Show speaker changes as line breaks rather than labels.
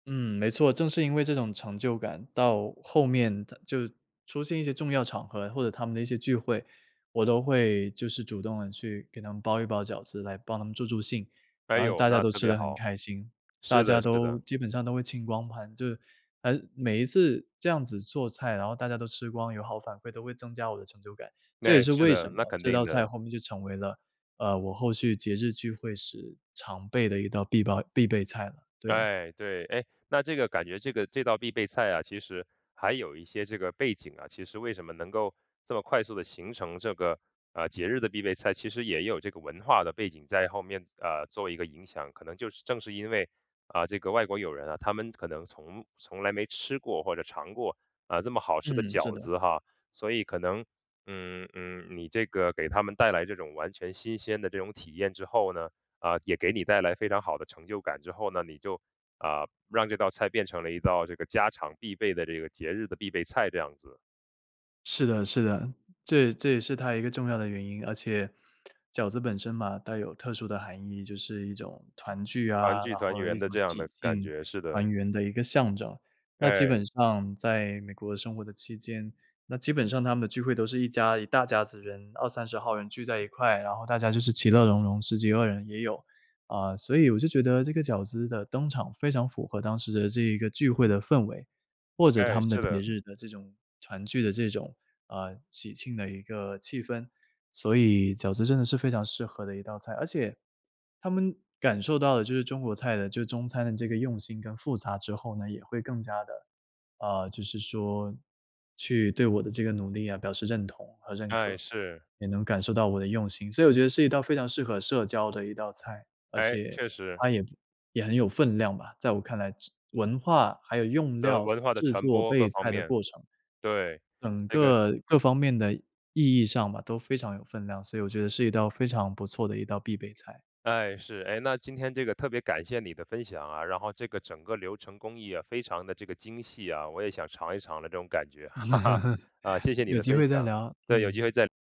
嗯，没错，正是因为这种成就感。到后面到就出现一些重要场合，或者他们的一些聚会，我都会就是主动地去给他们包一包饺子，来帮他们助助兴。
哎
然后
哟，
大家
那
都
特
吃
别
得很
好。
开心大
是
家
的是
都
的。
基本上都会清光盘。就还是每一次这样子做菜，然后大家都吃光有好反馈都会增加我的成就感。这也
诶，
是
是
为什
的，那
么
肯
这道
定
菜，
的。
后面就成为了，呃，我后续节日聚会时，常备的一道必备必备菜了。对。
唉，对。哎，那这个感觉这个这道必备菜啊，其实还有一些这个背景，啊。其实为什么能够这么快速地，形成这个，啊，节日的必备菜其实也有这个文化的背景在后面，呃，做一个影响。可能就是正是因为，啊，这个外国友人啊，他们可能从从来没吃过，或者尝过，呃，这么好吃的
嗯，是
饺
的。
子，哈。所以可能，嗯嗯，你这个，给他们带来这种完全新鲜的这种体验之后呢，呃，也给你带来非常好的成就感之后呢，你就，呃，让这道菜变成了一道这个家常必备的这个节日的必备菜这样子。
是的是的，这这也是它一个重要的原因。而且饺子本身嘛，带有特殊的含义，就是一种团聚
团
啊
聚、
然
团
后
圆
一
的
种
这样
喜
的感
庆
觉，是的。
团圆的一个象征。那基
哎。
本上在美国生活的期间那基本上他们的聚会都是一家一大家子人，20-30号人聚在一块。然后大家就是其乐融融10几个人也有。呃，所以我就觉得，这个饺子的登场非常符合当时的这一个聚会的氛围。或者他
哎，
们的
是
节
的。
日的这种团聚的这种，呃，喜庆的一个气氛。所以饺子真的是非常适合的一道菜。而且，他们感受到的，就是中国菜的就中餐的这个用心跟复杂之后呢，也会更加的，呃就是说去对我的这个努力啊，表示认同和认
哎，
可，
是。
也能感受到我的用心。所以我觉得是一道非常适合社交的一道菜，而
哎，
且
确实。
它也也很有分量吧在我看来。文化还有用
和
料，
文化的
制
传
作、
播，各
备
方
菜的
面。
过程
对，
整
那个
个各方面的意义上吧，都非常有分量。所以我觉得是一道非常不错的一道必备菜。
哎，是。哎，那今天这个，特别感谢你的分享啊。然后这个整个流程工艺，也非常地这个精细啊我也想尝一尝的这种感觉。啊，谢谢你
有
的
机
分
会再
享，
聊，
等有机
嗯。
会再